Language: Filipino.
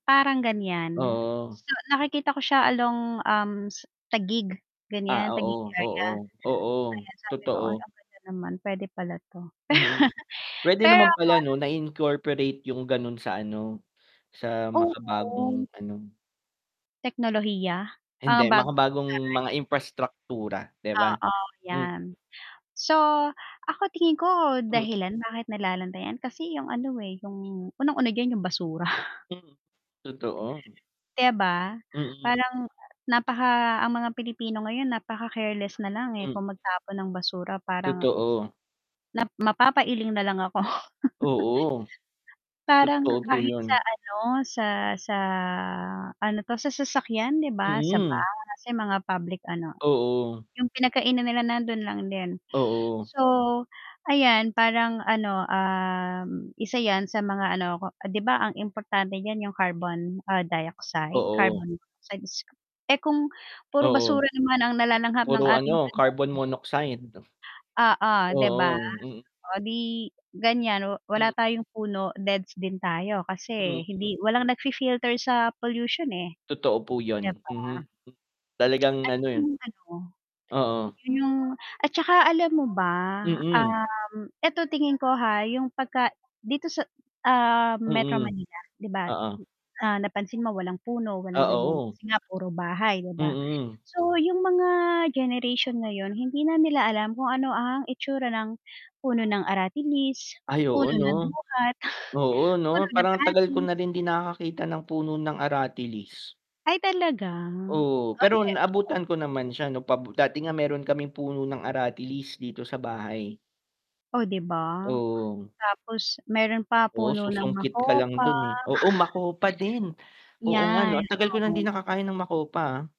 Parang ganyan, Oo. nakikita ko siya along, um, s Taguig, ganyan Ah, Taguig oo, area. oo, oo, Ayan sabi ko, Ay, totoo. ang ganda naman, pwede pala 'to. Mm, pwede Pero. naman pala, 'no, na i-incorporate 'yung gano'n sa ano sa Oh. makabagong ano. Teknolohiya, mga Hindi, bago makabagong [unintelligible] mga imprastraktura, 'di ba? Oo, Hmm. 'yan. So ako, tingin ko Hmm. dahilan bakit nalulubog kasi 'yung ano, eh, 'yung unang-una, 'yun 'yung basura. Hmm, totoo. 'Di ba, Mm. parang napaka ang mga Pilipino ngayon, napaka-careless nalang, eh, Hmm. kung magtapon ng basura? Parang. Totoo. Na mapapailing nalang ako. Oo. Parang Totoo po kahit sa 'yun. ano, sa sa ano to, sa sasakyan 'di ba, sa Mm. bus, sa mga public ano, Oo. 'yung pinagkainan nila, nandun lang din. Oo. So 'ayan, parang ano, ah, isa 'yan sa mga ano, 'di ba, ang importante diyan 'yung carbon dioxide? Oo. Carbon dioxide is eh, kung puro Oo. basura naman ang nalalanghap puro ng ano ating ano. carbon monoxide. Oo, 'di ba? Oo, mm. Oh, 'di ganyan wala Hmm. tayong puno, deaths din tayo Hmm, kasi hmm. hindi walang nag-fifilter sa pollution, eh, Totoo po 'di 'yun, Mm, ba? talagang Ay ano eh. 'yung ano, Oo. 'yun 'yung at tsaka alam mo ba? Mm. um, eto tingin ko ha, 'yung pag dito sa, ah, sa Metro Mm, Manila, 'di ba. oo. Ah, napansin mo walang puno, Ah, walang ganyan oo. kasi nga puro bahay, 'di ba? Mm. So 'yung mga generation ngayon, hindi na nila alam kung ano ang itsura ng puno ng aratilis, Ay oo, puno ng 'no? duhat, Oo puno 'no, ng parang ang tagal ko atis. na rin din nakakakita ng puno ng aratilis. Ay talaga? Oo, pero naabutan ko naman siya 'no dati nga meron kaming puno ng aratilis dito sa bahay. Oh, d'i ba? Oo. Tapos meron pa, Oo, puno ng susungkit ka lang makopa. dun, eh. Oo, makopa din. Oo, ang Yan. tagal ko ng hindi nakakain ng makopa.